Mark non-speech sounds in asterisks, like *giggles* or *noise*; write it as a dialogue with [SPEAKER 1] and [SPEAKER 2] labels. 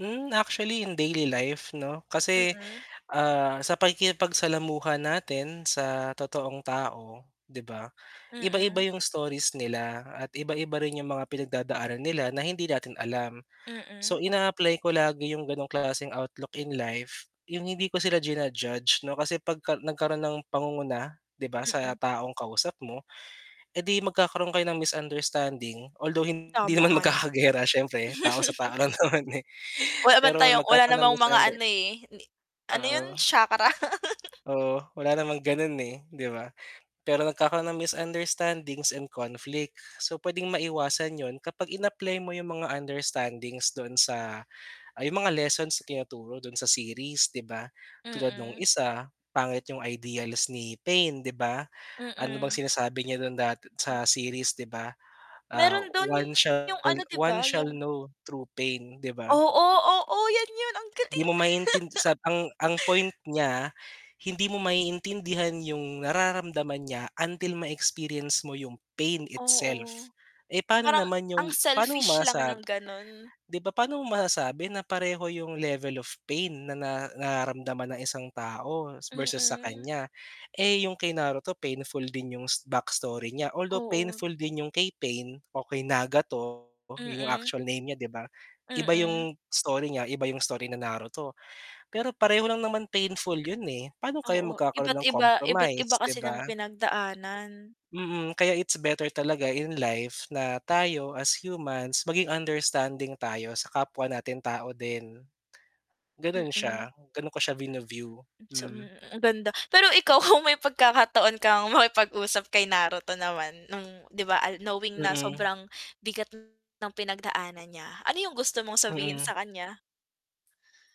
[SPEAKER 1] Hmm, actually in daily life 'no? Kasi,
[SPEAKER 2] Mm.
[SPEAKER 1] ah, sa pakikipagsalamuha natin, sa totoong tao, di ba? Iba-iba
[SPEAKER 2] Mm.
[SPEAKER 1] yung stories nila, at iba-iba rin yung mga pinagdadaanan nila na hindi natin alam. So
[SPEAKER 2] Mm.
[SPEAKER 1] ina-apply ko lagi yung ganong klaseng outlook in life. Yung hindi ko sila ji-na-judge 'no kasi 'pagka nagkaroon ng pangunguna, 'di ba sa
[SPEAKER 2] Mm.
[SPEAKER 1] taong kausap mo, edi magkakaroon kayo ng misunderstanding. Although hindi
[SPEAKER 2] Tama
[SPEAKER 1] naman
[SPEAKER 2] nga naman.
[SPEAKER 1] magkaka-giyera siyempre tao sa tao
[SPEAKER 2] *giggles*
[SPEAKER 1] lang naman eh.
[SPEAKER 2] Wala naman
[SPEAKER 1] Pero
[SPEAKER 2] tayong wala
[SPEAKER 1] magkakaroon ng
[SPEAKER 2] namang mga
[SPEAKER 1] misunder
[SPEAKER 2] ano eh, ano yun?
[SPEAKER 1] Oo,
[SPEAKER 2] Chakra? *laughs*
[SPEAKER 1] oo, wala namang ganun eh, 'di ba? Pero nagkakaroon ng misunderstandings and conflict. So, pwedeng maiwasan yun kapag in-apply mo yung mga understandings doon sa ay yung mga lessons na tinuturo doon sa series, 'di ba? Tulad nung
[SPEAKER 2] Mm.
[SPEAKER 1] isa, pangit yung ideals ni pain, 'di ba? Ano bang
[SPEAKER 2] Mm.
[SPEAKER 1] sinasabi niya dun dat sa series 'di ba? Ah,
[SPEAKER 2] Meron dun
[SPEAKER 1] one shall
[SPEAKER 2] yung ano di
[SPEAKER 1] one
[SPEAKER 2] ba?
[SPEAKER 1] shall
[SPEAKER 2] Yung
[SPEAKER 1] know true pain. 'Di ba?
[SPEAKER 2] oo, oo yan yun ang
[SPEAKER 1] 'Di
[SPEAKER 2] galing.
[SPEAKER 1] mo maintindi sa ang ang point
[SPEAKER 2] *laughs*
[SPEAKER 1] niya, hindi mo maiintindihan yung nararamdaman niya until ma-experience mo yung pain itself.
[SPEAKER 2] Oo.
[SPEAKER 1] Eh, pano
[SPEAKER 2] Parang
[SPEAKER 1] naman
[SPEAKER 2] ang
[SPEAKER 1] yung pano mo
[SPEAKER 2] selfish lang
[SPEAKER 1] sasab
[SPEAKER 2] ng ganun.
[SPEAKER 1] 'di ba paano mo masasabi na pareho yung level of pain na na nararamdaman ng isang tao, versus sa
[SPEAKER 2] Mm.
[SPEAKER 1] kanya. Eh, yung kay Naruto painful din yung backstory niya although
[SPEAKER 2] Oo.
[SPEAKER 1] painful din yung kay Pain o kay Nagato yun yung
[SPEAKER 2] Mm.
[SPEAKER 1] actual name niya, 'di ba? Iba
[SPEAKER 2] Mm.
[SPEAKER 1] yung story niya, iba yung story na Naruto. Pero pareho lang naman painful yun eh, paano kaya
[SPEAKER 2] Oo
[SPEAKER 1] magkakaroon
[SPEAKER 2] iba't
[SPEAKER 1] ng
[SPEAKER 2] iba iba't iba
[SPEAKER 1] compromise, 'di
[SPEAKER 2] kasi ng
[SPEAKER 1] ba?
[SPEAKER 2] pinagdaanan.
[SPEAKER 1] Mm, kaya it's better talaga in life na tayo, as humans, maging understanding tayo sa kapwa nating tao din. Ganun
[SPEAKER 2] Mm.
[SPEAKER 1] siya, ganun ko siya vini-view,
[SPEAKER 2] Sa
[SPEAKER 1] hmm.
[SPEAKER 2] mm, ang ganda, pero ikaw kung may pagkakataon kang makipag-usap kay Naruto naman nung, 'di ba, ah, knowing na
[SPEAKER 1] Mm.
[SPEAKER 2] sobrang bigat ng pinagdaanan niya, ano yung gusto mong sabihin
[SPEAKER 1] Mm.
[SPEAKER 2] sa kanya?